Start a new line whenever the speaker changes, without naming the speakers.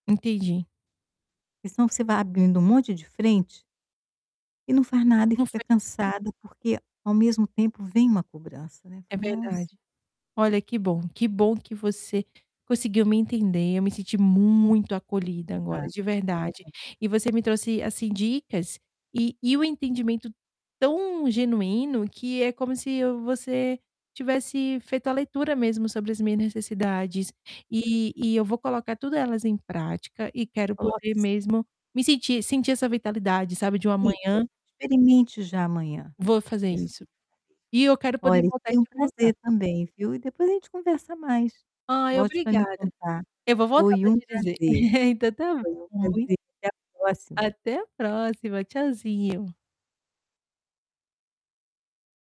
Entendi.
Senão você vai abrindo um monte de frente, e não faz nada e
Não
fica
faz
cansada porque ao mesmo tempo vem uma cobrança, né, aí
É
fala: "Nossa".
verdade. Olha que bom, que bom que você conseguiu me entender, eu me senti muito acolhida agora
Ah.
de verdade,
[unintelligible]
e você me trouxe assim dicas e e o entendimento tão genuíno que é como se eu você tivesse feito a leitura mesmo sobre as minhas necessidades, e e eu vou colocar tudo elas em prática e quero
Coloque sim.
poder mesmo me sentir sentir essa vitalidade sabe de uma
Isso,
manhã
experimente já amanhã.
vou fazer
Isso.
isso.
[unintelligible]
E eu quero poder
Olha,
voltar
foi um
te contar.
prazer também, viu. E depois a gente conversa mais.
Ai
Volte pra me
obrigada.
contar,
Eu vou voltar
foi
pra
um
te dizer.
prazer.
Então tá
Foi um
bom, mui
prazer, até a próxima.
Até a próxima, tchauzinho.